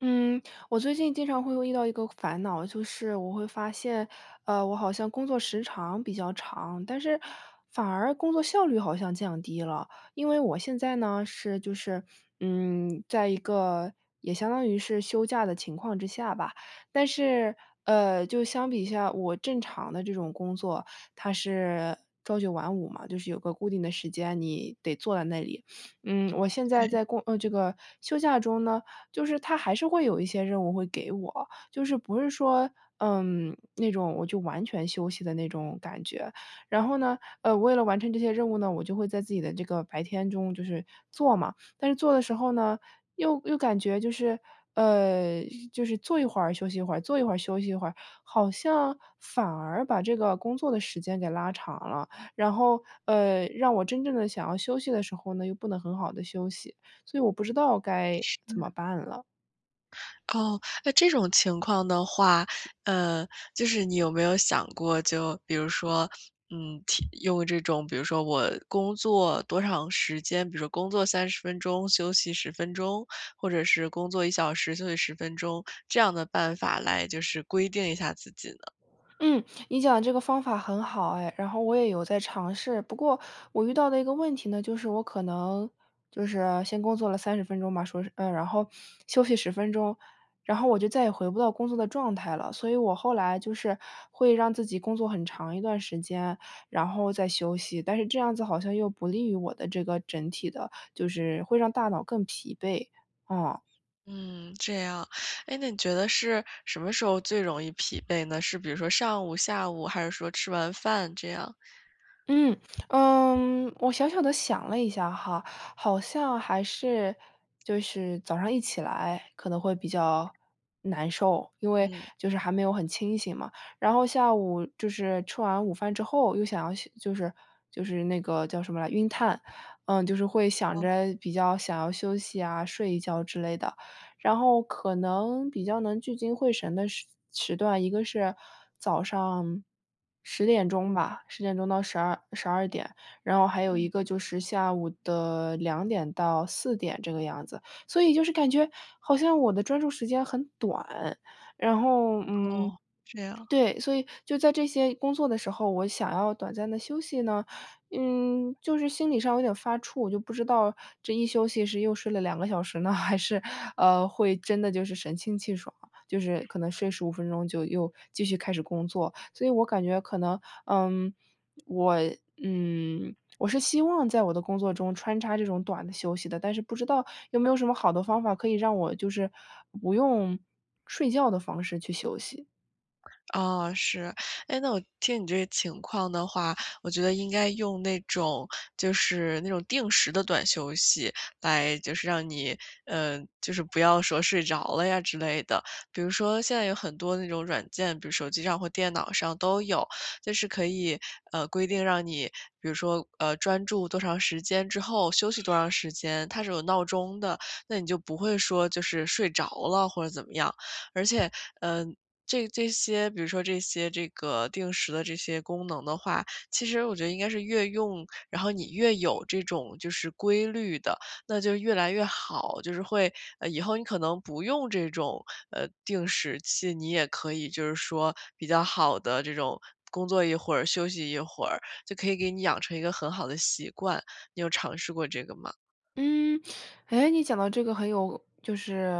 嗯，我最近经常会又遇到一个烦恼，就是我会发现，呃，我好像工作时长比较长，但是反而工作效率好像降低了。因为我现在呢，是就是，嗯，在一个也相当于是休假的情况之下吧，但是，呃，就相比下我正常的这种工作，它是朝九晚五嘛，就是有个固定的时间，你得坐在那里。嗯，我现在对。在过呃，这个休假中呢，就是它还是会有一些任务会给我，就是不是说，嗯，那种我就完全休息的那种感觉。然后呢，呃，为了完成这些任务呢，我就会在自己的这个白天中就是做嘛。但是做的时候呢，又又感觉就是呃，就是做一会儿休息一会儿，做一会儿休息一会儿，好像反而把这个工作的时间给拉长了。然后，呃，让我真正地想要休息的时候呢，又不能很好地休息，所以我不知道该怎是。么办了。哦，那这种情况的话，呃，就是你有没有想过，就比如说，嗯，体用这种比如说我工作多长时间，比如工作30分钟，休息10分钟，或者是工作1小时，休息10分钟，这样的办法来就是规定一下自己呢？嗯，你讲的这个方法很好哎，然后我也有在尝试。不过我遇到的一个问题呢，就是我可能就是先工作了30分钟吧，说是呃，然后休息10分钟，然后我就再也回不到工作的状态了。所以我后来就是会让自己工作很长一段时间，然后再休息，但是这样子好像又不利于我的这个整体的就是会让大脑更疲惫，啊。嗯，这样，诶，那你觉得是什么时候最容易疲惫呢？是比如说上午、下午，还是说吃完饭这样？嗯，呃，我小小地想了一下哈，好像还是就是早上一起来，可能会比较难受，因为嗯。就是还没有很清醒嘛。然后下午就是吃完午饭之后，又想要休就是就是那个叫什么来晕碳，嗯，就是会想哦。着比较想要休息啊，睡一觉之类的。然后可能比较能聚精会神的时时段，一个是早上10点钟吧，10点钟到1212点，然后还有嗯。一个就是下午的2点到4点这个样子。所以就是感觉好像我的专注时间很短，然后，嗯哦，这样。对，所以就在这些工作的时候，我想要短暂地休息呢，嗯，就是心理上有点发怵，就不知道这一休息是又睡了2个小时呢，还是，呃，会真的就是神清气爽，就是可能睡15分钟就又继续开始工作。所以我感觉可能，嗯，我嗯，我是希望在我的工作中穿插这种短的休息的，但是不知道有没有什么好的方法可以让我就是，不用睡觉的方式去休息？啊，是。诶，那我听你这个情况的话，我觉得应该用那种就是那种定时的短休息来就是让你呃，就是不要说睡着了呀之类的。比如说现在有很多那种软件，比如手机上或电脑上都有。就是可以，呃，规定让你比如说，呃，专注多长时间之后休息多长时间。它是有闹钟的，那你就不会说就是睡着了或者怎么样。而且，呃，这这些比如说这些这个定时的这些功能的话，其实我觉得应该是越用，然后你越有这种就是规律的，那就越来越好。就是会，呃，以后你可能不用这种，呃，定时器，你也可以就是说比较好地这种，工作一会儿，休息一会儿，就可以给你养成一个很好的习惯。你有尝试过这个吗？嗯，诶，你讲到这个很有就是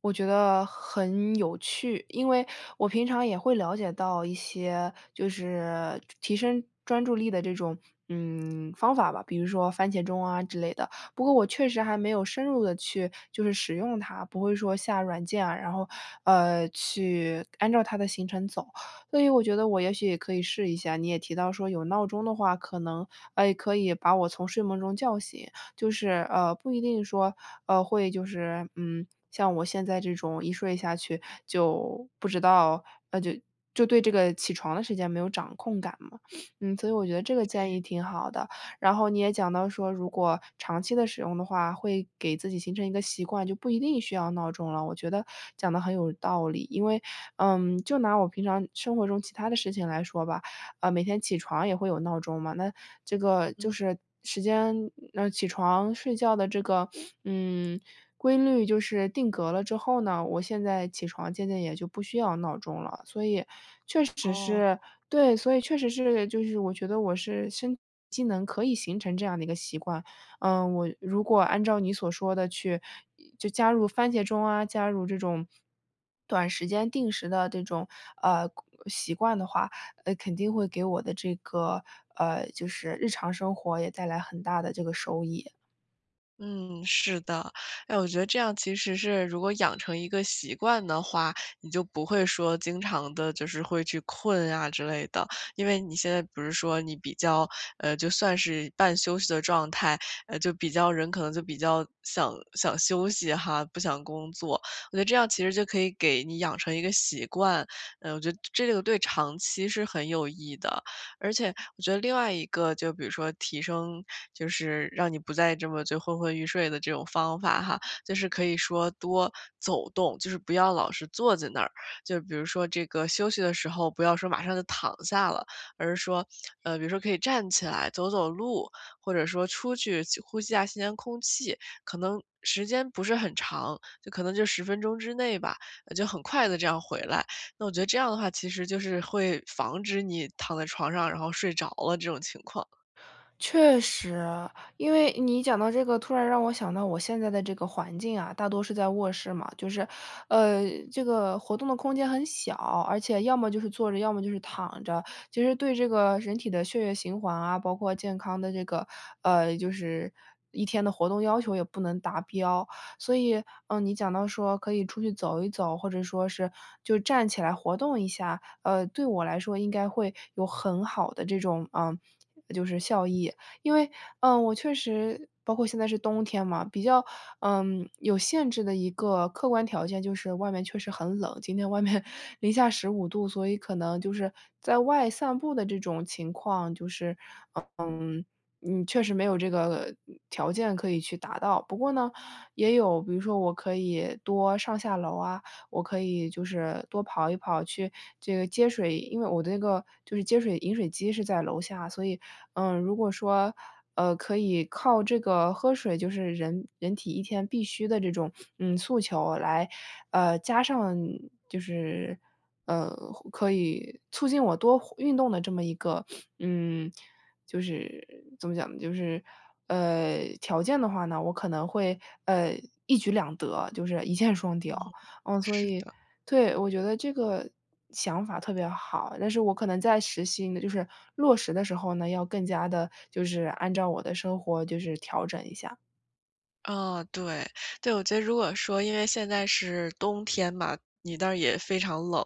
我觉得很有趣。因为我平常也会了解到一些就是提升专注力的这种，嗯，方法吧，比如说番茄钟啊之类的。不过我确实还没有深入地去就是使用它，不会说下软件啊，然后，呃，去按照它的行程走。所以我觉得我也许也可以试一下。你也提到说有闹钟的话可能呃，可以把我从睡梦中叫醒，就是，呃，不一定说，呃，会就是，嗯，像我现在这种一睡下去就不知道，呃，就就对这个起床的时间没有掌控感嘛。嗯，所以我觉得这个建对。议挺好的。然后你也讲到说，如果长期地使用的话，会给自己形成一个习惯，就不一定需要闹钟了，我觉得讲得很有道理。因为，嗯，就拿我平常生活中其它的事情来说吧，呃，每天起床也会有闹钟嘛，那这个就嗯。是时间呃，起床睡觉的这个，嗯，规律就是定格了之后呢，我现在起床渐渐也就不需要闹钟了。所以确哦。实是对，所以确实是就是我觉得我是身体机能可以形成这样的一个习惯。呃，我如果按照你所说的去就加入番茄钟啊，加入这种 短时间定时的这种，呃，规习惯的话，呃，肯定会给我的这个，呃，就是日常生活也带来很大的这个收益。嗯，是的。哎我觉得这样其实是如果养成一个习惯的话，你就不会说经常地就是会去困啊之类的。因为你现在不是说你比较，呃，就算是半休息的状态，呃，就比较人可能就比较想想休息哈，不想工作。我觉得这样其实就可以给你养成一个习惯，呃，我觉得这个对长期是很有益的。而且我觉得另外一个就比如说提升就是，让你不再这么就昏昏欲睡的这种方法哈，就是可以说多走动，就是不要老是坐在那儿。就比如说这个休息的时候不要说马上就躺下了，而是说，呃，比如说可以站起来走走路，或者说出去去呼吸一下新鲜空气。可能时间不是很长，就可能就10分钟之内吧，就很快地这样回来。那我觉得这样的话，其实就是会防止你躺在床上，然后睡着了这种情况。确实。因为你讲到这个，突然让我想到我现在的这个环境啊，大多是在卧室嘛，就是，呃，这个活动的空间很小。而且要么就是坐着，要么就是躺着。其实对这个人体的血液循环啊，包括健康的这个，呃，就是一天的活动要求也不能达标。所以，嗯，你讲到说可以出去走一走，或者说是就是站起来活动一下，呃，对我来说应该会有很好的这种，呃，就是效益。因为，嗯，我确实包括现在是冬天嘛，比较，嗯，有限制的一个客观条件就是外面确实很冷，今天外面-15度，所以可能就是在外散步的这种情况就是，嗯，嗯，确实没有这个条件可以去达到。不过呢，也有比如说我可以多上下楼啊，我可以就是多跑一跑去这个接水，因为我的那个就是接水饮水机是在楼下。所以，嗯，如果说，呃，可以靠这个喝水就是人人体一天必须的这种，嗯，诉求来，呃，加上你就是，呃，可以促进我多活运动的这么一个，嗯，就是怎么讲呢，就是，呃，条件的话呢，我可能会，呃，一举两得，就是一箭双嗯，雕。嗯，所是以，的。对，我觉得这个想法特别好，但是我可能在实行就是落实的时候呢，要更加地就是按照我的生活就是调整一下。啊，对对，我觉得如果说因为现在是冬天嘛，你那儿也非常冷，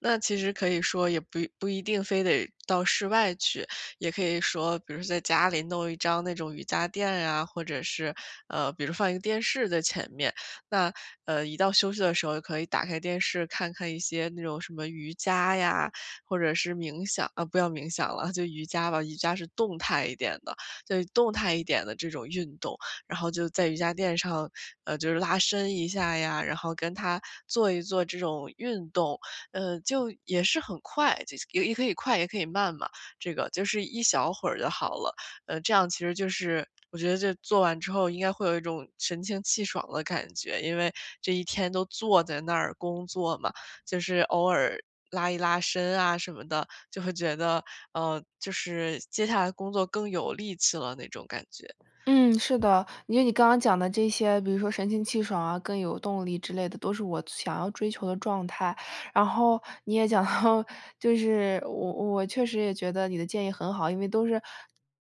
那其实可以说也不不一定非得到室外去。也可以说比如在家里弄一张那种瑜伽垫啊，或者是，呃，比如放一个电视在前面。那，呃一到休息的时候可以打开电视看看一些那种什么瑜伽呀，或者是冥想啊不要冥想了，就瑜伽吧，瑜伽是动态一点的，就动态一点的这种运动。然后就在瑜伽垫上，呃，就是拉伸一下呀，然后跟他，做一做这种运动，嗯，就也是很快，呃也也可以快也可以慢嘛这个，就是一小会儿就好了。呃这样其实就是我觉得这做完之后应该会有一种神清气爽的感觉，因为，这一天都坐在那儿工作嘛，就是偶尔拉一拉伸啊什么的，就会觉得，呃，就是接下来工作更有力气了那种感觉。嗯，是的。因为你刚刚讲的这些，比如说神清气爽啊，更有动力之类的，都是我想要追求的状态。然后，你也讲到，就是我我确实也觉得你的建议很好，因为都是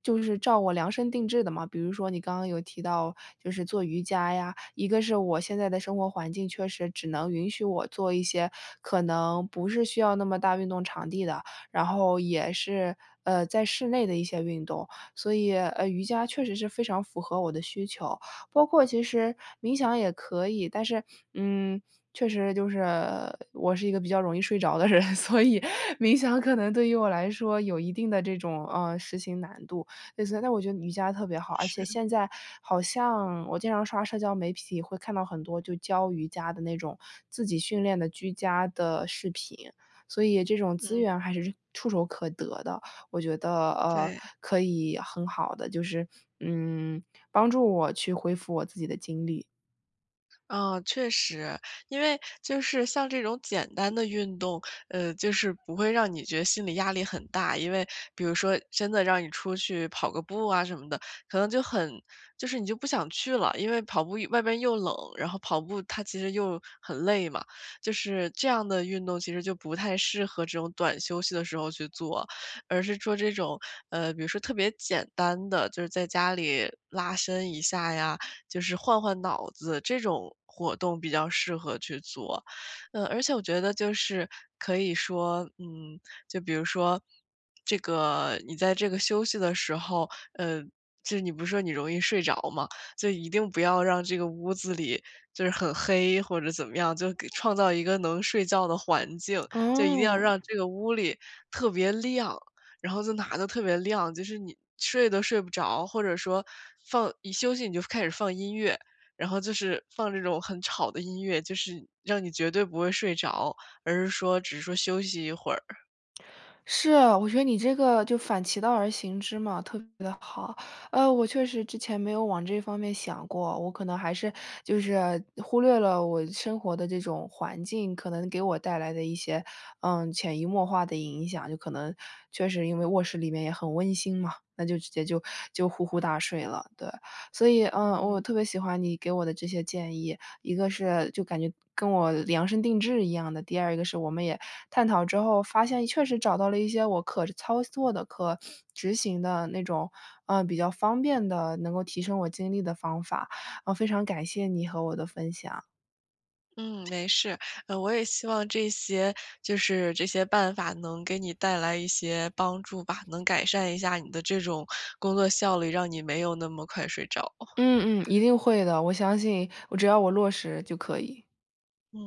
就是照我量身定制的嘛。比如说你刚刚有提到，就是做瑜伽呀，一个是我现在的生活环境确实只能允许我做一些可能不是需要那么大运动场地的，然后也是，呃在室内的一些运动。所以，呃，瑜伽确实是非常符合我的需求，包括其实冥想也可以，但是，嗯，确实就是我是一个比较容易睡着的人，所以冥想可能对于我来说有一定的这种，呃，实行难度。类似但我觉得瑜伽特别好，而且是。现在好像我经常刷社交媒体会看到很多就教瑜伽的那种，自己训练的居家的视频，所以这种资嗯。源还是触手可得的，我觉得，呃，对。可以很好地，就是，嗯，帮助我去恢复我自己的精力。啊，确实。因为就是像这种简单的运动，呃，就是不会让你觉得心理压力很大，因为比如说真的让你出去跑个步啊什么的，可能就很就是你就不想去了，因为跑步外边又冷，然后跑步它其实又很累嘛，就是这样的运动其实就不太适合这种短休息的时候去做，而是做这种呃，比如说特别简单的，就是在家里拉伸一下呀，就是换换脑子，这种活动比较适合去做。呃，而且我觉得就是可以说嗯，就比如说这个你在这个休息的时候嗯，就是你不是说你容易睡着嘛，所以一定不要让这个屋子里就是很黑或者怎么样，就给创造一个能睡觉的环境，就一定要哦。让这个屋里特别亮。然后就哪都特别亮，就是你睡都睡不着，或者说放一休息你就开始放音乐，然后就是放这种很吵的音乐，就是让你绝对不会睡着，而是说只是说休息一会儿。是啊，我觉得你这个就反其道而行之嘛，特别地好。呃，我确实之前没有往这方面想过，我可能还是就是忽略了我生活的这种环境，可能给我带来的一些，嗯，潜移默化的影响，就可能确实因为卧室里面也很温馨嘛，那就直接就就呼呼大睡了，对。所以，嗯，我嗯。特别喜欢你给我的这些建议，一个是就感觉跟我量身定制一样的，第二个是我们也探讨之后，发现确实找到了一些我可操作的、可执行的那种，呃，比较方便的，能够提升我精力的方法，呃，非常感谢你和我的分享。嗯，没事，呃，我也希望这些就是这些办法能给你带来一些帮助吧，能改善一下你的这种工作效率，让你没有那么快睡着。嗯，嗯，一定会的。我相信我只要我落实就可以。嗯。